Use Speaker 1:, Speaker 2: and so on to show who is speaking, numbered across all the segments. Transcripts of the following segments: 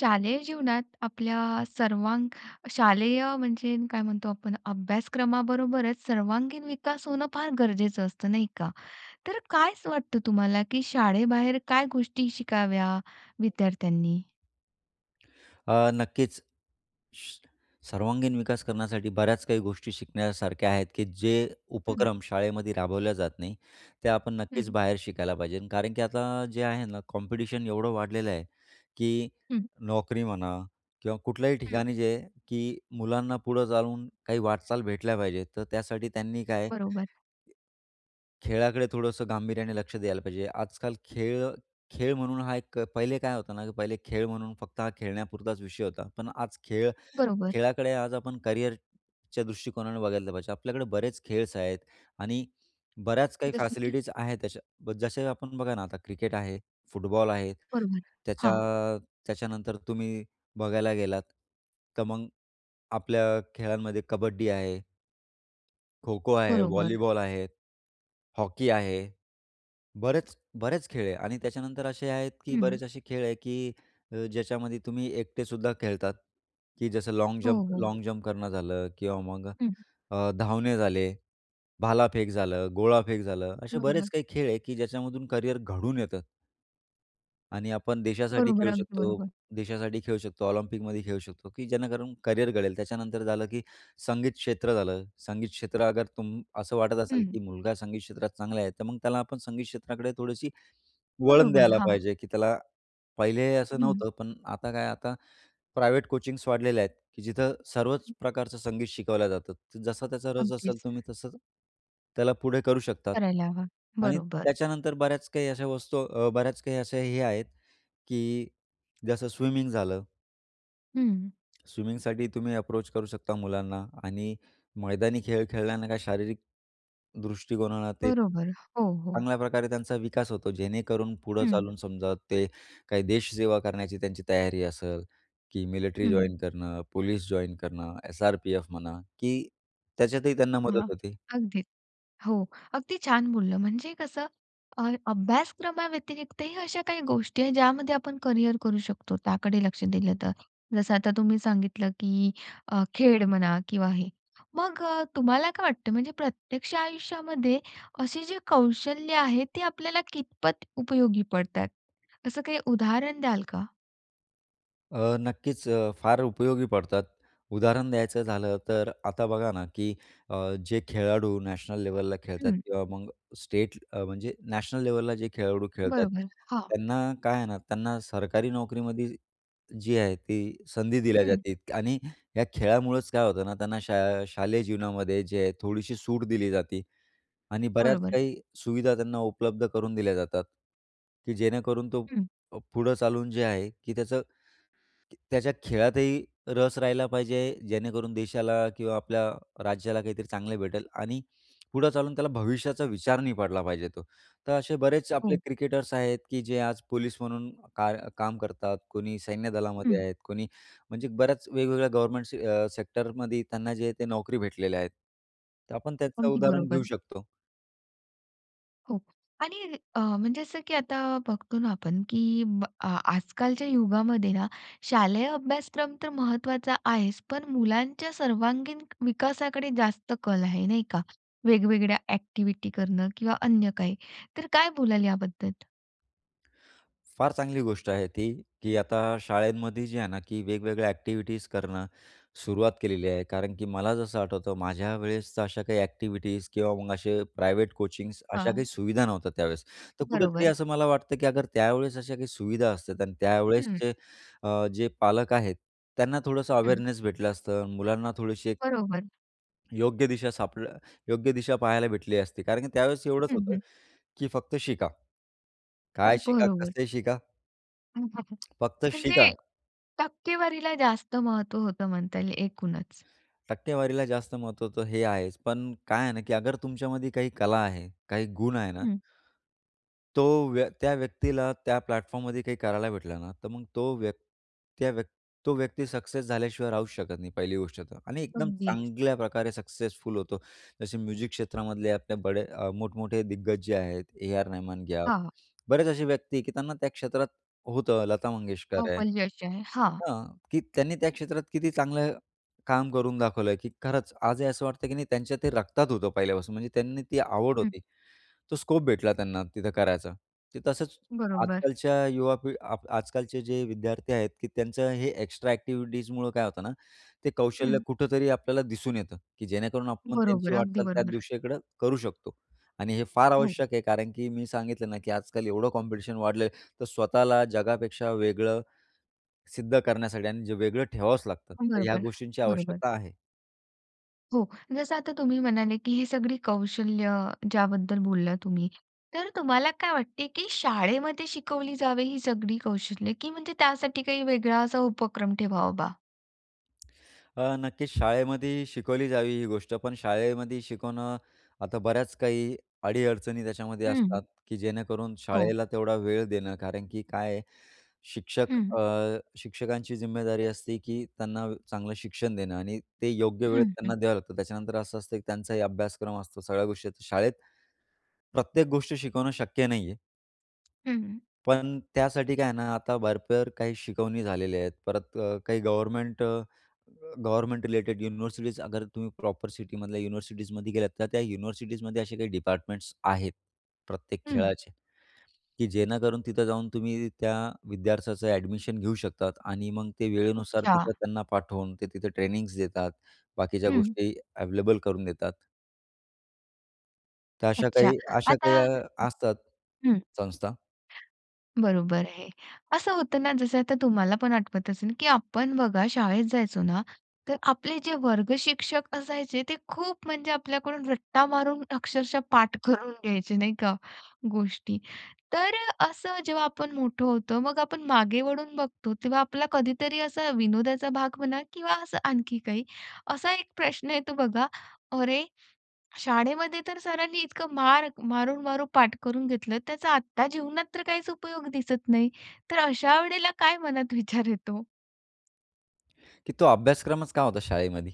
Speaker 1: शालेय जीवनात आपल्या सर्वांग शालेय म्हणजे काय म्हणतो आपण, अभ्यासक्रमाबरोबरच सर्वांगीण विकास होणं फार गरजेचं असतं, नाही का? तर काय वाटतं तुम्हाला, की शाळेबाहेर काय गोष्टी शिकाव्या विद्यार्थ्यांनी?
Speaker 2: अ, नक्कीच. सर्वांगीण विकास करण्यासाठी बऱ्याच काही गोष्टी शिकण्यासारख्या आहेत, की जे
Speaker 1: हम्म.
Speaker 2: उपक्रम शाळेमध्ये राबवल्या जात नाहीत, ते आपण नक्कीच
Speaker 1: हं.
Speaker 2: बाहेर शिकायला पाहिजे. कारण की आता जे आहे ना, कॉम्पिटिशन एवढं वाढलेलं आहे, की
Speaker 1: हं.
Speaker 2: नोकरी म्हणा किंवा कुठल्याही
Speaker 1: हं.
Speaker 2: ठिकाणी जे, की मुलांना पुढं चालून काही वाटचाल भेटल्या पाहिजे, तर त्यासाठी त्यांनी काय,
Speaker 1: बरोबर.
Speaker 2: खेळाकडे थोडंसं गांभीर्याने लक्ष द्यायला पाहिजे. आजकाल खेळ-खेळ, म्हणून हा एक पहिले काय होतं ना, की पहिले खेळ म्हणून फक्त हा खेळण्यापुरताच विषय होता. पण आज खेळ,
Speaker 1: बरोबर.
Speaker 2: खेळाकडे, आज आपण करिअरच्या दृष्टिकोनाने बघितलं पाहिजे. आपल्याकडे बरेच खेळ्स आहेत आणि बऱ्याच काही
Speaker 1: जसं की?
Speaker 2: फॅसिलिटीज आहेत. तश्या जसं आपण बघा ना, आता क्रिकेट आहे, फुटबॉल आहे.
Speaker 1: बरोबर,
Speaker 2: त्याच्या
Speaker 1: हां.
Speaker 2: त्याच्यानंतर तुम्ही बघायला गेलात, तर मग आपल्या खेळांमध्ये कबड्डी आहे. खो-खो आहे,
Speaker 1: बरोबर.
Speaker 2: व्हॉलीबॉल आहे, हॉकी आहे. बरेच, बरेच खेळ आहे आणि त्याच्यानंतर असे आहेत, की
Speaker 1: हं.
Speaker 2: बरेच असे खेळ आहे, की अ, ज्याच्यामध्ये तुम्ही एकटेसुद्धा खेळतात, की जसं लॉन्ग
Speaker 1: हो,
Speaker 2: जम्प
Speaker 1: हो.
Speaker 2: लॉन्ग जंप करणं झालं किंवा मग
Speaker 1: हं.
Speaker 2: अ, धावणे झाले, भालाफेक झालं, गोळाफेक झालं. असे बरेच
Speaker 1: बरोबर.
Speaker 2: काही खेळ आहे, की ज्याच्यामधून करियर घडून येतं आणि आपण देशासाठी
Speaker 1: बरोबर,
Speaker 2: खेळू
Speaker 1: अगदी
Speaker 2: शकतो
Speaker 1: बरोबर.
Speaker 2: देशासाठी खेळू शकतो, ऑलिम्पिकमध्ये खेळू शकतो, की जेणेकरून करियर घडेल. त्याच्यानंतर झालं, की संगीत क्षेत्र झालं. संगीत क्षेत्र अगर तुम असं वाटत असेल,
Speaker 1: हं.
Speaker 2: की मुलगा संगीत क्षेत्रात चांगला आहे, तर मग त्याला आपण संगीत क्षेत्राकडे थोडीशी वळण
Speaker 1: बरोबर,
Speaker 2: द्यायला
Speaker 1: हां.
Speaker 2: पाहिजे. की त्याला पहिले असं
Speaker 1: हं.
Speaker 2: नव्हतं, पण आता काय, आता प्रायव्हेट कोचिंग्स वाढलेल्या आहेत, की जिथं सर्वच प्रकारचं संगीत शिकवलं जातं. तर जसा त्याचा रस असेल,
Speaker 1: अगदीच.
Speaker 2: तुम्ही तसं त्याला पुढे करू शकतात.
Speaker 1: करायला हवं,
Speaker 2: आणि
Speaker 1: बरोबर.
Speaker 2: त्याच्यानंतर बऱ्याच काही अशा वस्तू अ, बऱ्याच काही अशा हे आहेत, की जसं स्विमिंग झालं.
Speaker 1: हं.
Speaker 2: स्विमिंगसाठी तुम्ही अप्रोच करू शकता मुलांना. आणि मैदानी खेळ खेळल्याने काही शारीरिक दृष्टिकोनाला ते
Speaker 1: बरोबर. हो, हो.
Speaker 2: चांगल्या प्रकारे त्यांचा विकास होतो, जेणेकरून पुढं
Speaker 1: हं.
Speaker 2: चालून समजा ते काही देशसेवा करण्याची त्यांची तयारी असेल, की मिलिट्री
Speaker 1: हं.
Speaker 2: जॉइन करणं, पोलिस जॉइन करणं, एस-आर-पी-एफ म्हणा, की त्याच्यातही त्यांना
Speaker 1: हां,
Speaker 2: मदत होती.
Speaker 1: अगदीच हो. अगदी छान बोललं. म्हणजे कसं अ, अभ्यासक्रमाव्यतिरिक्तही अशा काही गोष्टी आहेत, ज्यामध्ये आपण करियर करू शकतो त्याकडे लक्ष दिलं तर. जसं आता तुम्ही सांगितलं, की अ, खेळ म्हणा किंवा हे. मग अ, तुम्हाला काय वाटतं, म्हणजे प्रत्यक्ष आयुष्यामध्ये असे जे कौशल्य आहे ती आपल्याला कितपत उपयोगी पडतात? असं काही उदाहरण द्याल का?
Speaker 2: अ, नक्कीच फार उपयोगी पडतात. उदाहरण द्यायचं झालं तर आता बघा ना की अ, जे खेळाडू नॅशनल लेवलला खेळतात
Speaker 1: हं.
Speaker 2: किंवा मग स्टेट अ, म्हणजे नॅशनल लेवलला जे खेळाडू खेळतात,
Speaker 1: बरोबर, हां.
Speaker 2: त्यांना काय आहे ना, त्यांना सरकारी नोकरीमध्ये जी आहे ती संधी दिल्या
Speaker 1: हं.
Speaker 2: जाते आणि या खेळामुळंच काय होतं ना त्यांना शा शालेय जीवनामध्ये जे आहे थोडीशी सूट दिली जाते आणि बऱ्याच
Speaker 1: बरोबर.
Speaker 2: काही सुविधा त्यांना उपलब्ध करून दिल्या जातात की जेणेकरून तो
Speaker 1: हं.
Speaker 2: अ, पुढं चालून जे आहे की त्याचं त्याच्या खेळातही रस राहिला पाहिजे. जेणेकरून देशाला किंवा आपल्या राज्याला काहीतरी चांगले भेटेल आणि पुढं चालून त्याला भविष्याचा विचार नाही पडला पाहिजे तो. तर असे बरेच आपले
Speaker 1: हो.
Speaker 2: क्रिकेटर्स आहेत की जे आज पोलीस म्हणून काय काम करतात, कोणी सैन्यदलामध्ये
Speaker 1: हं.
Speaker 2: आहेत, कोणी म्हणजे बऱ्याच वेगवेगळ्या गव्हर्नमेंट अ, सेक्टरमध्ये त्यांना जे ते नोकरी भेटलेल्या आहेत. तर आपण त्याचं
Speaker 1: अगदी
Speaker 2: उदाहरण घेऊ
Speaker 1: बरोबर.
Speaker 2: शकतो.
Speaker 1: हो आणि अ, म्हणजे असं की आता बघतो ना आपण की ब आ आजकालच्या युगामध्ये ना, शालेय अभ्यासक्रम तर महत्त्वाचा आहेच पण मुलांच्या सर्वांगीण विकासाकडे जास्त कल आहे नाही का? वेगवेगळ्या एक्टिविटी करणं किंवा अन्य काही तर काय बोलाल याबद्दल?
Speaker 2: फार चांगली गोष्ट आहे ती की आता शाळेंमध्ये जे आहे ना की वेगवेगळ्या एक्टिविटीज करणं सुरुवात केलेली आहे. कारण की मला जसं आठवतं माझ्या वेळेस तर अशा काही एक्टिविटीज किंवा मग असे प्रायवेट कोचिंग्स अशा
Speaker 1: हां.
Speaker 2: काही सुविधा नव्हत्या त्यावेळेस. तर कुठेतरी
Speaker 1: बरोबर.
Speaker 2: असं मला वाटतं की अगर त्यावेळेस अशा काही सुविधा असतात आणि त्यावेळेस
Speaker 1: हं.
Speaker 2: जे अ, जे पालक आहेत त्यांना थोडंसं
Speaker 1: हं.
Speaker 2: अवेअरनेस भेटलं असतं आणि मुलांना थोडीशी एक
Speaker 1: बरोबर.
Speaker 2: योग्य दिशा सापड योग्य दिशा पाहायला भेटली असती. कारण की त्यावेळेस एवढंच
Speaker 1: हं,
Speaker 2: होतं
Speaker 1: हं.
Speaker 2: की फक्त शिका. काय शिका?
Speaker 1: बरोबर.
Speaker 2: कसं शिका? फक्त शिका!
Speaker 1: म्हणजे टक्केवारीला जास्त महत्व होतं म्हणता येईल एकूणच.
Speaker 2: टक्केवारीला जास्त महत्व होत, हे आहेच. पण काय आहे ना की अगर तुमच्यामध्ये काही कला आहे, काही गुण आहे ना
Speaker 1: हं.
Speaker 2: तो व्य त्या व्यक्तीला त्या प्लॅटफॉर्ममध्ये काही करायला भेटलं ना, तर मग तो व्यक् त्या व्यक् तो व्यक्ती सक्सेस झाल्याशिवाय राहूच शकत नाही पहिली गोष्ट तर. आणि एकदम
Speaker 1: अगदीच.
Speaker 2: चांगल्या प्रकारे सक्सेसफुल होतो. जसे म्युझिक क्षेत्रामधले आपल्या बडे अ, मोठमोठे दिग्गज जे आहेत, ए.आर.रहमान घ्या.
Speaker 1: हां, हां.
Speaker 2: बरेच असे व्यक्ती की त्यांना त्या क्षेत्रात होतं लता
Speaker 1: तो
Speaker 2: मंगेशकर आहे.
Speaker 1: पण यश आहे, हां.
Speaker 2: हां, की त्यांनी त्या क्षेत्रात किती चांगलं काम करून दाखवलय की खरंच, आजही असं वाटतं की नाही त्यांच्या ते रक्तात होतं पहिल्यापासून. म्हणजे त्यांनी ती आवड
Speaker 1: हं.
Speaker 2: होती. तो स्कोप भेटला त्यांना तिथं करायचा. ते तसंच
Speaker 1: बरोबर.
Speaker 2: आजकालच्या युवा पिढी आप आजकालचे जे विद्यार्थी आहेत की त्यांचं हे एक्स्ट्रा एक्टिव्हिटीजमुळं काय होतं ना, ते कौशल्य
Speaker 1: हं.
Speaker 2: कुठेतरी आपल्याला दिसून येतं की जेणेकरून आपण
Speaker 1: बरोबर,
Speaker 2: त्यांची
Speaker 1: अगदी
Speaker 2: वाटचाल त्या
Speaker 1: बरोबर.
Speaker 2: दिशेकडं करू शकतो आणि हे फार
Speaker 1: हो.
Speaker 2: आवश्यक आहे. कारण की मी सांगितलं ना की आजकाल एवढं कॉम्पिटिशन वाढलं आहे, तर स्वतःला जगापेक्षा वेगळं सिद्ध करण्यासाठी आणि जे वेगळं ठेवावच लागतं तर ह्या
Speaker 1: बरोबर,
Speaker 2: गोष्टींची
Speaker 1: बरोबर.
Speaker 2: आवश्यकता आहे.
Speaker 1: हो. जसं आता तुम्ही म्हणाले, की ही सगळी कौशल्य ज्याबद्दल बोलला तुम्ही. तर तुम्हाला काय वाटतं, की शाळेमध्ये शिकवली जावे ही सगळी कौशल्य, की म्हणजे त्यासाठी काही वेगळा असा उपक्रम ठेवा बा?
Speaker 2: अ, नक्कीच शाळेमध्येही शिकवली जावी ही गोष्ट, पण शाळेमध्ये शिकवणं आता बऱ्याच काही अडी-अडचणी त्याच्यामध्ये
Speaker 1: हं,
Speaker 2: असतात, की जेणेकरून
Speaker 1: हो.
Speaker 2: शाळेला तेवढा वेळ देणं कारण की काय आहे? शिक्षक
Speaker 1: हं.
Speaker 2: अ, शिक्षकांची ज़िम्मेदारी असते, की त्यांना अ, चांगलं शिक्षण देणं आणि ते योग्य वेळेत
Speaker 1: हं, हं.
Speaker 2: त्यांना द्यावं लागतं. त्याच्यानंतर असं असतं, की त्यांचाही अभ्यासक्रम असतो. सगळ्या गोष्टीत शाळेत प्रत्येक गोष्ट शिकवणं शक्य नाहीये.
Speaker 1: हं.
Speaker 2: पण त्यासाठी काय आहे ना, आता भरपूर काही शिकवणी झालेल्या आहेत. परत अ, काही गव्हर्नमेंट अ, गव्हर्नमेंट रिलेटेड युनिव्हर्सिटीज अगर तुम्ही प्रॉपर सिटीमधल्या युनिव्हर्सिटीजमध्ये गेलात, तर त्या युनिव्हर्सिटीजमध्ये असे काही डिपार्टमेंट्स आहेत प्रत्येक
Speaker 1: हं.
Speaker 2: खेळाची, की जेणेकरून तिथं जाऊन तुम्ही त्या विद्यार्थ्याचं एडमिशन घेऊ शकतात. आणि मग ते वेळेनुसार
Speaker 1: अच्छा.
Speaker 2: तिथं त्यांना पाठवून, ते तिथं ट्रेनिंगज देतात, बाकीच्या
Speaker 1: हं.
Speaker 2: गोष्टी अवेलेबल करून देतात. तर अशा
Speaker 1: अच्छा.
Speaker 2: काही अशा
Speaker 1: आता
Speaker 2: काही अ, असतात
Speaker 1: हं.
Speaker 2: संस्था
Speaker 1: बरोबर आहे. असं होतं ना जसं आता तुम्हाला पण आठवत असेल की आपण बघा शाळेत जायचो ना, तर आपले जे वर्गशिक्षक असायचे, ते खूप म्हणजे आपल्याकडून रट्टा मारून अक्षरशः पाठ करून घ्यायचे. नाही का? गोष्टी. तर अ, असं जेव्हा आपण मोठं होतो. मग आपण मागे वळून बघतो तेव्हा आपला कधीतरी असा विनोदाचा भाग म्हणा किंवा असं आणखी काही. असा 1 प्रश्न येतो बघा, "अरे, शाळेमध्ये तर सरांनी इतकं मार मारून-मारून पाठ करून घेतलं, त्याचा आत्ता जीवनात तर काहीच उपयोग दिसत नाही." तर अशा वेळेला काय मनात विचार येतो?
Speaker 2: की तो अभ्यासक्रमच का होता शाळेमध्ये?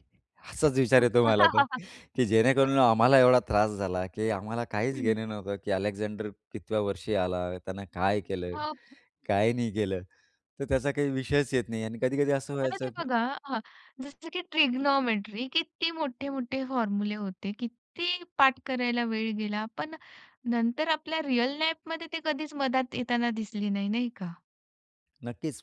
Speaker 2: असाच विचार येतो मला तर.
Speaker 1: हं.
Speaker 2: की जेणेकरून आम्हाला एवढा त्रास झाला की आम्हाला काहीच
Speaker 1: हं.
Speaker 2: घेणं नव्हतं की अलेक्झांडर कितव्या वर्षी आला? त्यानं काय केलं?
Speaker 1: अप
Speaker 2: काय नाही केलं? तर त्याचा काही विषयच येत नाही आणि कधी-कधी असं
Speaker 1: आता ते
Speaker 2: व्हायचं की
Speaker 1: बघा हं, जसं की ट्रिग्नोमेट्री किती मोठे-मोठे फॉर्मुले होते, किती पाठ करायला वेळ गेला, पण नंतर आपल्या रिअल लाईफ मध्ये ते कधीच मदत येताना दिसली नाही, नाही का?
Speaker 2: नक्कीच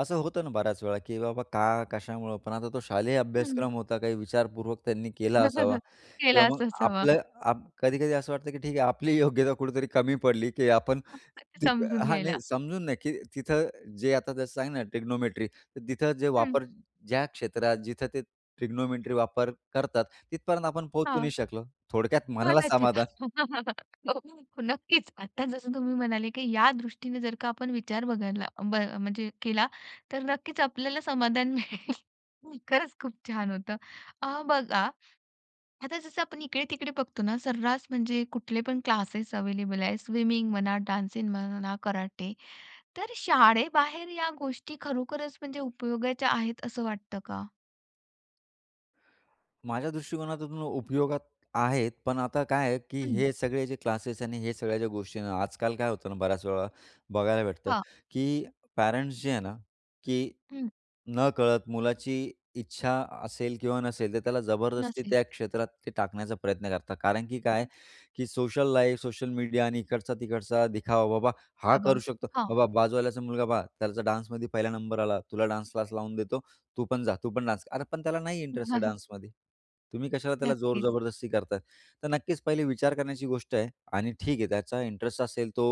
Speaker 2: असं होतं ना, बऱ्याच वेळा की बाबा का? कशामुळं? पण आता तो शालेय
Speaker 1: हं.
Speaker 2: अभ्यासक्रम होता काही विचारपूर्वक त्यांनी केला असावा किंवा
Speaker 1: केलाच
Speaker 2: मग
Speaker 1: असावा.
Speaker 2: आपलं आप कधी-कधी असं वाटतं की ठीक आहे. आपली योग्यता कुठेतरी कमी पडली की आपण
Speaker 1: [unintelligible]
Speaker 2: ती
Speaker 1: समजून
Speaker 2: हां
Speaker 1: घ्यायला.
Speaker 2: नाही समजून नाही की तिथं जे आता जसं सांग ना ट्रिग्नोमेट्री तर तिथं जे
Speaker 1: हं.
Speaker 2: वापर ज्या क्षेत्रात जिथं ते ट्रिग्नोमेट्री वापर करतात, तिथपर्यंत आपण पोहचू नाही
Speaker 1: हां.
Speaker 2: शकलो, थोडक्यात मनाला
Speaker 1: कदाचित,
Speaker 2: समाधान.
Speaker 1: हो, नक्कीच. आता जसं तुम्ही म्हणाले की या दृष्टीनं जर का आपण विचार बदलला ब म्हणजे केला. तर नक्कीच आपल्याला समाधान मिळेल. खरंच खूप छान! होतं. अ, बघा आता जसं आपण इकडे-तिकडे बघतो ना, सर्रास म्हणजे कुठले पण अवेलेबल आहे. स्विमिंग म्हणा, डान्सिंग म्हणा, कराटे. तर शाळेबाहेर या गोष्टी खरोखरच म्हणजे उपयोगाच्या आहेत, असं वाटतं का?
Speaker 2: माझ्या दृष्टीकोनातून उपयोगात आहेत. पण आता काय आहे की
Speaker 1: हं.
Speaker 2: हे सगळे जे क्लासेस आणि हे सगळ्या ज्या गोष्टीन आहे ना, आजकाल काय होतं ना बऱ्याच वेळा, बघायला भेटतं
Speaker 1: हां.
Speaker 2: की पॅरेंट्स जे आहे ना की
Speaker 1: हं.
Speaker 2: नकळत मुलाची इच्छा असेल किंवा नसेल, तर त्याला जबरदस्ती
Speaker 1: नसेल.
Speaker 2: त्या क्षेत्रात ते टाकण्याचा प्रयत्न करतात. कारण की काय की सोशल लाईफ, सोशल मीडिया आणि इकडचा-तिकडचा दिखावा. बाबा, हा
Speaker 1: तबा,
Speaker 2: करू शकतो,
Speaker 1: हां.
Speaker 2: बाबा बाजूवाल्याचा मुलगा पहा, त्याचा डान्समध्ये पहिला नंबर आला तुला डान्स क्लास लावून देतो, तू पण जा तू पण डान्स. आता पण त्याला नाही इंटरेस्ट आहे डान्समध्ये. तुम्ही कशाला त्याला जोर
Speaker 1: नक्कीच.
Speaker 2: जबरदस्ती करता. तर नक्कीच पहिले विचार करण्याची गोष्ट आहे आणि ठीक आहे त्याचा इंटरेस्ट असेल तो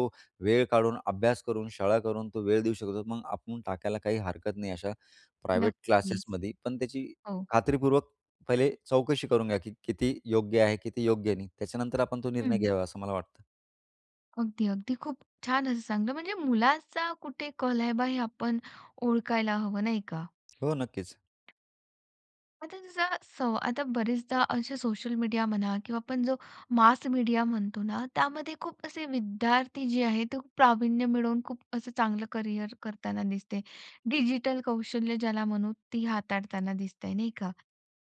Speaker 2: वेळ काढून, अभ्यास करून, शाळा करून, तो वेळ देऊ शकतो मग आपण टाकायला काही हरकत नाही, अशा प्रायव्हेट
Speaker 1: नक्कीच.
Speaker 2: क्लासेसमध्ये. पण त्याची
Speaker 1: हो.
Speaker 2: खात्रीपूर्वक पहिले चौकशी करून घ्या की किती योग्य आहे किती योग्य नाही. त्याच्यानंतर आपण तो निर्णय
Speaker 1: हं.
Speaker 2: घ्यावा असं मला वाटतं.
Speaker 1: अगदी-अगदी खूप छान असं सांगलं. म्हणजे मुलाचा कुठे कल आहे बा हे आपण ओळखायला हवं, नाही का?
Speaker 2: हो नक्कीच.
Speaker 1: म्हणजे जसं सव आता बरेचदा असे सोशल मीडिया म्हणा, किंवा आपण जो मास मीडिया म्हणतो ना, त्यामध्ये खूप असे विद्यार्थी जे आहेत, ते खूप प्रावीण्य मिळवून खूप असं चांगलं करिअर करताना दिसते. डिजिटल कौशल्य ज्याला म्हणू, ती हाताळताना दिसतंय, नाही का?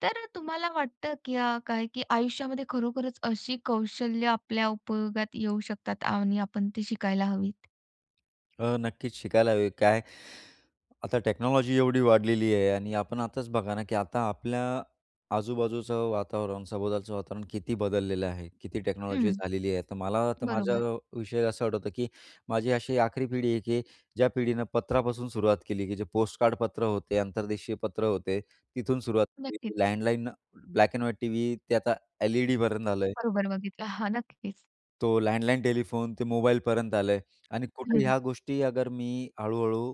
Speaker 1: तर तुम्हाला वाटतं, की काय, की आयुष्यामध्ये खरोखरच अशी कौशल्य आपल्या उपयोगात येऊ शकतात आणि आपण ते शिकायला हवीत?
Speaker 2: अ, नक्कीच शिकायला हवी. काय? आता टेक्नॉलॉजी एवढी वाढलेली आहे आणि आपण आताच बघा ना, की आता आपल्या आजूबाजूचं वातावरण, सभोवतालचं वातावरण किती बदललेलं आहे, किती टेक्नॉलॉजी
Speaker 1: हं,
Speaker 2: झालेली आहे. तर मला तर माझ्या
Speaker 1: बरोबर.
Speaker 2: विषयी असं आठवतं, की माझी अशी आखरी पिढी आहे, की ज्या पिढीनं पत्रापासून सुरुवात केली, की जे पोस्टकार्ड पत्र होते, आंतरदेशीय पत्र होते. तिथून सुरुवात
Speaker 1: नक्कीच.
Speaker 2: केली landline, black and white TV, ते आता एल-ई-डी पर्यंत आलंय.
Speaker 1: बरोबर बघितलं. हां, नक्कीच.
Speaker 2: तो लँडलाईन टेलिफोन ते मोबाईलपर्यंत आलंय. आणि कुठे
Speaker 1: हं.
Speaker 2: ह्या गोष्टी अगर मी हळूहळू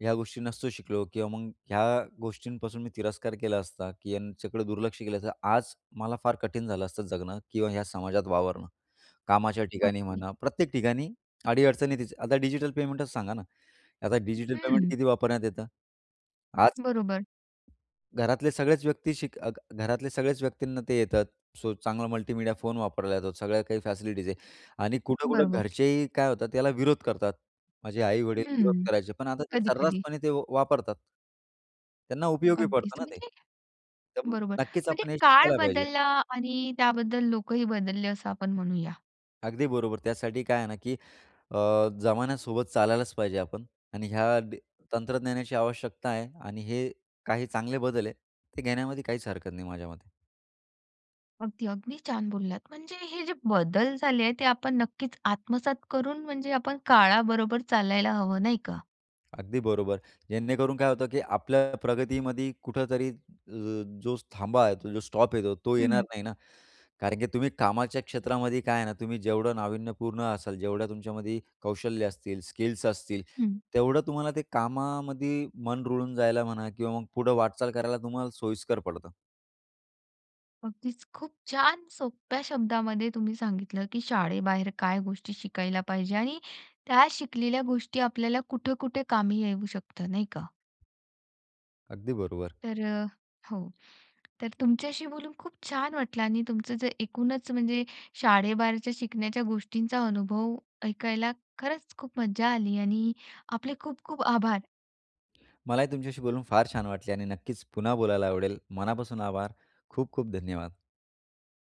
Speaker 2: ह्या गोष्टी नसतो शिकलो किंवा मग ह्या गोष्टींपासून मी तिरस्कार केला असता, की याच्याकडं दुर्लक्ष केलं तर आज मला फार कठीण झालं असतं जगणं किंवा ह्या समाजात वावरणं. कामाच्या ठिकाणी
Speaker 1: ओके.
Speaker 2: म्हणा, प्रत्येक ठिकाणी अडीअडचणी तिचं आता डिजिटल पेमेंटच सांगा ना आता डिजिटल पेमेंट
Speaker 1: हम्म.
Speaker 2: किती वापरण्यात येतं आज
Speaker 1: बरोबर.
Speaker 2: घरातले सगळेच व्यक्ती शिक अग घरातले सगळेच व्यक्तींना ते येतं. सो चांगला मल्टीमीडिया फोन वापरला जातो. सगळ्या काही फॅसिलिटीज आहेत, आणि कुठं-कुठं
Speaker 1: बरोबर.
Speaker 2: घरचेही काय होतात, त्याला विरोध करतात. माझे आई-वडील विरोध
Speaker 1: हं,
Speaker 2: करायचे, पण आता ते
Speaker 1: कधी-कधी.
Speaker 2: सर्रासपणे ते वापरतात. त्यांना उपयोगी
Speaker 1: अगदीच
Speaker 2: पडतं ना ते.
Speaker 1: म्हणजे
Speaker 2: त्यामुळे
Speaker 1: बरोबर.
Speaker 2: नक्कीच
Speaker 1: म्हणजे
Speaker 2: आपण हे
Speaker 1: काळ
Speaker 2: शिकायला पाहिजे.
Speaker 1: बदलला आणि त्याबद्दल लोकंही बदलले, असं आपण म्हणूया.
Speaker 2: अगदी बरोबर. त्यासाठी काय आहे ना की अ, जमान्यासोबत चालायलाच पाहिजे आपण आणि ह्या दे तंत्रज्ञानाची आवश्यकता आहे आणि हे काही चांगले बदल आहेत, ते घेण्यामध्ये काहीच हरकत नाही माझ्यामते.
Speaker 1: अगदी, अगदी छान बोललात. म्हणजे हे जे बदल झाले आहेत ते आपण नक्कीच आत्मसात करून म्हणजे आपण काळाबरोबर चालायला हवं नाही का?
Speaker 2: अगदी बरोबर. जेणेकरून काय होतं की आपल्या प्रगतीमध्ये कुठेतरी ज जो थांबा येतो, जो स्टॉप येतो, तो येणार
Speaker 1: हं.
Speaker 2: नाही ना. कारण की तुम्ही कामाच्या क्षेत्रामध्ये काय आहे ना, तुम्ही जेवढं नाविन्यपूर्ण असाल, जेवढं तुमच्यामध्ये कौशल्य असतील, स्किल्स असतील,
Speaker 1: हं.
Speaker 2: तेवढं तुम्हाला ते कामामध्ये मन रुळून जायला म्हणा किंवा मग पुढं वाटचाल करायला तुम्हाला सोयीस्कर पडतं.
Speaker 1: अगदीच खूप छान सोप्या शब्दांमध्ये तुम्ही सांगितलं की शाळेबाहेर काय गोष्टी शिकायला पाहिजे आणि त्या शिकलेल्या गोष्टी आपल्याला कुठं-कुठं कामी येऊ शकतं, नाही का?
Speaker 2: अगदी बरोबर.
Speaker 1: तर अ हो, तर तुमच्याशी बोलून खूप छान वाटलं आणि तुमचं जे एकूणच म्हणजे शाळेबाहेरच्या शिकण्याच्या गोष्टींचा अनुभव ऐकायला खरंच खूप मज्जा आली आणि आपले खूप-खूप आभार.
Speaker 2: मलाही तुमच्याशी बोलून फार छान वाटले आणि नक्कीच पुन्हा बोलायला आवडेल. मनापासून आभार. खूप-खूप धन्यवाद.